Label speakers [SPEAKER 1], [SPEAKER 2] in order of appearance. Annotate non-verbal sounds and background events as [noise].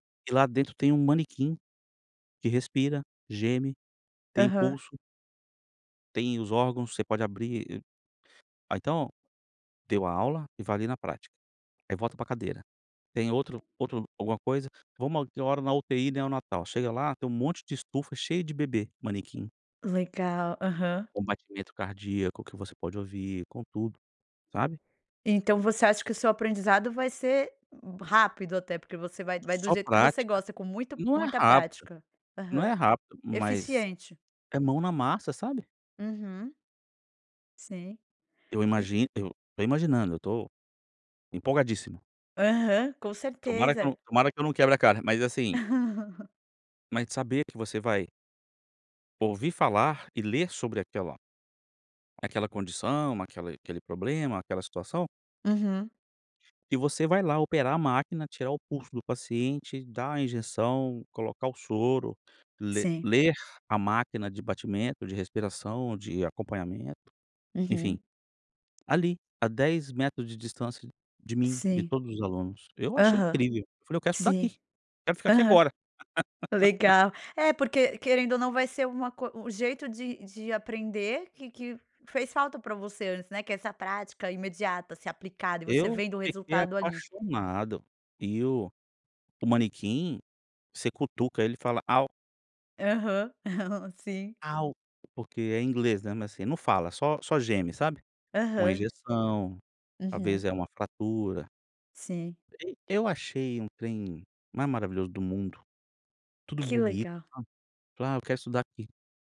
[SPEAKER 1] E lá dentro tem um manequim, que respira, geme, tem
[SPEAKER 2] Aham.
[SPEAKER 1] impulso tem os órgãos, você pode abrir. A então, deu a aula e vai ali na prática. Aí volta para cadeira. Tem outro outro alguma coisa, vamos, deu hora na UTI neonatal, chega lá tem um monte de estufa cheia de bebê, manequim.
[SPEAKER 2] Legal, aham.
[SPEAKER 1] Com batimento cardíaco que você pode ouvir, com tudo, sabe?
[SPEAKER 2] Então você acha que o seu aprendizado vai ser rápido até, porque você vai vai do
[SPEAKER 1] Só
[SPEAKER 2] jeito que você
[SPEAKER 1] prática,
[SPEAKER 2] gosta com muita,
[SPEAKER 1] e não é
[SPEAKER 2] muita
[SPEAKER 1] rápida,
[SPEAKER 2] prática.
[SPEAKER 1] não é
[SPEAKER 2] Aham.
[SPEAKER 1] rápida, mas
[SPEAKER 2] Eficiente.
[SPEAKER 1] é mão na massa, sabe?
[SPEAKER 2] Uhum. Sim,
[SPEAKER 1] Eu
[SPEAKER 2] e
[SPEAKER 1] imagino, eu tô imaginando, eu tô empolgadíssimo.
[SPEAKER 2] Aham, com
[SPEAKER 1] Tomara que eu
[SPEAKER 2] certeza.
[SPEAKER 1] não tomara que eu não quebre a cara, mas assim
[SPEAKER 2] [laughs]
[SPEAKER 1] mas de saber que você vai ouvir falar e ler sobre aquela aquela condição, aquela aquele problema, aquela situação
[SPEAKER 2] Uhum.
[SPEAKER 1] e você vai lá operar a máquina, tirar o pulso do paciente, dar a injeção, colocar o soro, ler
[SPEAKER 2] Sim.
[SPEAKER 1] ler a máquina de batimento, de respiração, de acompanhamento, enfim,
[SPEAKER 2] Uhum.
[SPEAKER 1] ali, a 10 metros de distância de mim, de
[SPEAKER 2] Sim.
[SPEAKER 1] todos os alunos, eu achei
[SPEAKER 2] Aham.
[SPEAKER 1] incrível, eu falei: "Eu quero estudar
[SPEAKER 2] Sim.
[SPEAKER 1] aqui, quero ficar aqui
[SPEAKER 2] Aham.
[SPEAKER 1] agora". [laughs]
[SPEAKER 2] Legal. É, porque querendo ou não vai ser uma coi um jeito de de aprender que que fez falta para você antes, né, que é essa prática imediata ser aplicada e você
[SPEAKER 1] Eu
[SPEAKER 2] vendo o
[SPEAKER 1] fiquei
[SPEAKER 2] resultado ali.
[SPEAKER 1] apaixonado, e o o manequim, você cutuca ele e fala: "Au".
[SPEAKER 2] Aham, [giggles] sim.
[SPEAKER 1] Au, porque é inglês, né, mas assim, não fala, só só geme, sabe, com a
[SPEAKER 2] Aham.
[SPEAKER 1] injeção, talvez
[SPEAKER 2] Uhum.
[SPEAKER 1] é uma fratura.
[SPEAKER 2] Sim.
[SPEAKER 1] Ei eu achei um trem mais maravilhoso do mundo, tudo
[SPEAKER 2] Que
[SPEAKER 1] bonito,
[SPEAKER 2] legal.
[SPEAKER 1] sabe, "Ah eu quero estudar aqui".